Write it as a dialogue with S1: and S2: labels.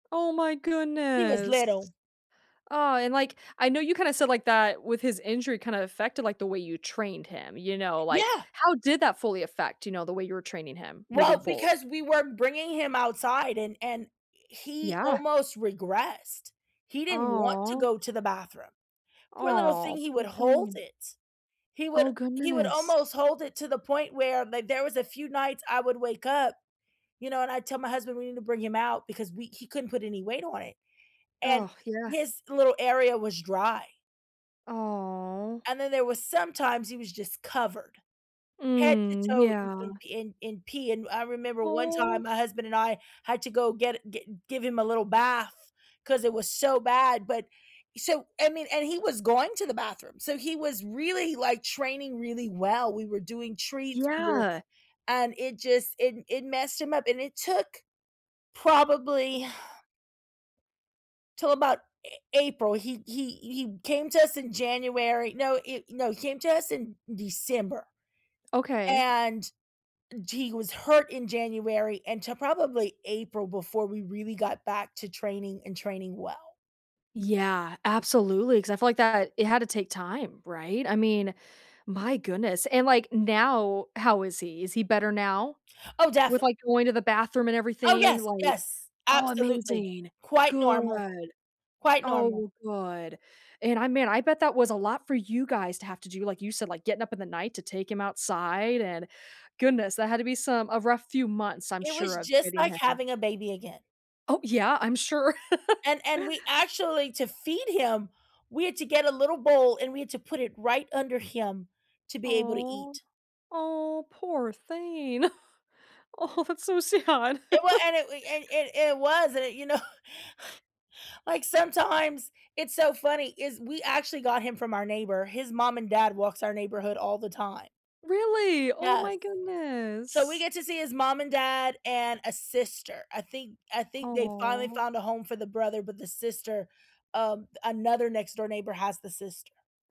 S1: Oh, my
S2: He was
S1: goodness.
S2: little.
S1: Aw, and, like, I know you, kinda, said like that, with his injury, kind of, affected, like, the way you trained him, you know, like,
S2: Yeah.
S1: how did that fully affect, you know, the way you were training him moving
S2: Well,
S1: forwar
S2: because we were bringing him outside, and and e he
S1: Yeah.
S2: almost regressed. He didn't want to
S1: Aw.
S2: go to the bathroom. Poor little
S1: Aw,
S2: thing, he
S1: poor
S2: would hold
S1: thing.
S2: it. He would
S1: Oh,
S2: he would
S1: goodness.
S2: almost hold it to the point where like, there was a few nights I would wake up, you know, and I tell my husband we need to bring him out because we he couldn't put any weight on it, and
S1: Ugh, yeah.
S2: his little area was dry.
S1: Aw.
S2: And then there was sometimes he was just covered, head to
S1: Mm.
S2: toe in in
S1: Yeah.
S2: pee in in pee, and I remember one
S1: Aw.
S2: time my husband and I had to go get gi give him a little bath, 'cause it was so bad, but so, I mean, and he was going to the bathroom, so he was really, like, training really well, we were doing treats we're
S1: Yeah.
S2: and it just it it messed him up and it took probably till about A April. He he he came to us in January no, he no he came to us in December,
S1: Okay.
S2: and g he was hurt in January until probably April before we really got back to training and training well.
S1: Yeah, absolutely, 'cause I feel like that, it had to take time, right? I mean, my goodness, and, like, now, how is he? Is he better now
S2: Oh,
S1: with,
S2: definitely.
S1: like, going to the bathroom and
S2: Oh,
S1: everything,
S2: yes,
S1: like
S2: yes.
S1: Oh,
S2: Absolutely.
S1: amazing.
S2: Quite normal.
S1: Good.
S2: Quite normal.
S1: Oh, good, and I man, I bet that was a lot for you guys to have to do, like you said, like, getting up in the night to take him outside and goodness, that had to be some a rough few months, I'm
S2: It was,
S1: sure, of
S2: just,
S1: getting
S2: like
S1: him
S2: having a baby again.
S1: Oh, yeah. I'm sure.
S2: And and we actually to feed him, we had to get a little bowl, and we had to put it right under him to be able to
S1: Aw.
S2: eat.
S1: Oh, poor thing. Oh, that's so sad.
S2: It w an it we and and and it was, and it you know, like, sometimes, it's so funny, is we actually got him from our neighbor. His mom and dad walks our neighborhood all the time.
S1: Really? Oh my
S2: Yes, so we
S1: goodness!
S2: get to see his mom and dad and a sister. I think I think they finally
S1: Aw.
S2: found a home for the brother, but the sister, um, another next door neighbor has the sister.